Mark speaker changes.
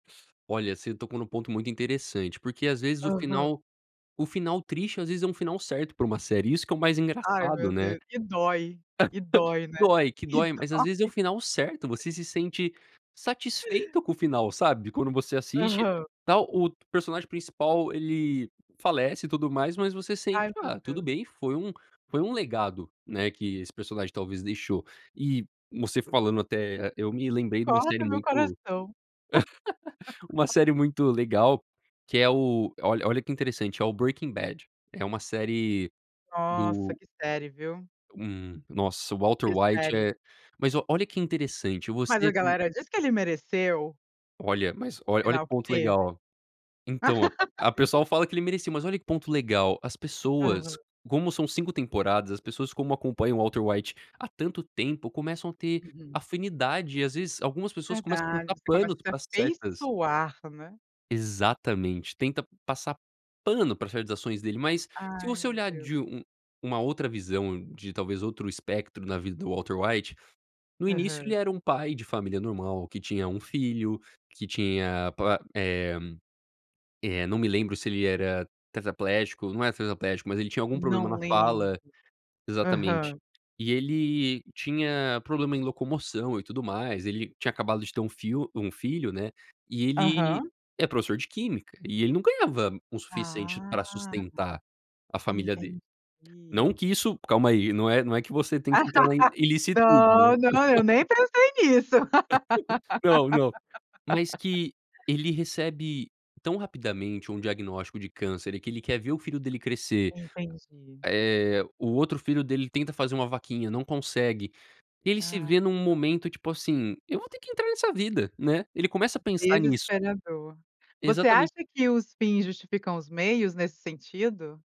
Speaker 1: Olha, você tocou num ponto muito interessante porque, às vezes, o
Speaker 2: Aham.
Speaker 1: final o final triste, às vezes, é um final certo pra uma série, isso que é o mais
Speaker 2: Ai,
Speaker 1: engraçado,
Speaker 2: meu
Speaker 1: né.
Speaker 2: Deus. E dói. E dói, né.
Speaker 1: Dói, que
Speaker 2: E
Speaker 1: dói, mas às
Speaker 2: dói.
Speaker 1: vezes é o final certo. Você se sente satisfeito com o final, sabe, de quando você assiste,
Speaker 2: Aham.
Speaker 1: tal o personagem principal ele falece e tudo mais, mas você
Speaker 2: Ai,
Speaker 1: sente,
Speaker 2: meu
Speaker 1: "Ah, tudo
Speaker 2: Deus.
Speaker 1: bem, foi um foi um legado", né, que esse personagem talvez deixou. E você falando até até eu me lembrei de uma série
Speaker 2: Corta meu
Speaker 1: muito
Speaker 2: coração.
Speaker 1: uma série muito legal, que é o olha olha que interessante, é o Breaking Bad. É uma série
Speaker 2: Nossa,
Speaker 1: do
Speaker 2: que série, viu?
Speaker 1: hum, nossa, o Walter
Speaker 2: Que
Speaker 1: White,
Speaker 2: série.
Speaker 1: é Mas o olha que interessante.
Speaker 2: Mas a
Speaker 1: Você co
Speaker 2: galera diz que ele mereceu.
Speaker 1: Olha, mas
Speaker 2: O
Speaker 1: olha olha
Speaker 2: final
Speaker 1: que
Speaker 2: que
Speaker 1: ponto
Speaker 2: teve.
Speaker 1: legal. Então, a pessoal fala que ele merecia, mas olha que ponto legal. As pessoas
Speaker 2: Aham.
Speaker 1: como são 5 temporadas, as pessoas como acompanham o Walter White há tanto tempo, começam a ter
Speaker 2: Uhum.
Speaker 1: afinidade e, às vezes algumas pessoas começam a
Speaker 2: Verdade,
Speaker 1: passar
Speaker 2: você começa
Speaker 1: panos
Speaker 2: a se
Speaker 1: pra certas
Speaker 2: afeiçoar, né.
Speaker 1: Exatamente. Tenta passar pano pra certas ações dele, mas se
Speaker 2: Ai,
Speaker 1: você
Speaker 2: meu
Speaker 1: olhar
Speaker 2: Deus.
Speaker 1: de um uma outra visão, de talvez outro espectro na vida do Walter White, no início ele
Speaker 2: Aham.
Speaker 1: era um pai de família normal que tinha 1 filho, que tinha pro eh eh, não me lembro se ele era tetraplégico, não é tetraplégico, mas ele tinha algum
Speaker 2: No
Speaker 1: problema na
Speaker 2: way!
Speaker 1: fala exatamente.
Speaker 2: Aham.
Speaker 1: E ele tinha problema em locomoção e tudo mais, ele tinha acabado de ter 1 fio 1 filho, né, e ele
Speaker 2: Aham.
Speaker 1: é professor de Química e ele não ganhava o suficiente pra
Speaker 2: Ah!
Speaker 1: sustentar a família dele.
Speaker 2: Entendi.
Speaker 1: Não que isso calma aí, não é não é que você tem que entrar na i ilicitude né.
Speaker 2: Não, não, eu nem pensei nisso.
Speaker 1: Não, não. Mas que ele recebe tão rapidamente um diagnóstico de câncer e que ele quer ver o filho dele crescer,
Speaker 2: Entendi.
Speaker 1: eh, o outro filho dele tenta fazer uma vaquinha, não consegue. Ele se
Speaker 2: Ah.
Speaker 1: vê num
Speaker 2: [unintelligible]
Speaker 1: momento, tipo assim, "eu vou ter que entrar nessa vida", né. Ele começa a pensar nisso.
Speaker 2: Desesperador. Você
Speaker 1: Exatamen
Speaker 2: acha que os fins justificam os meios, nesse sentido?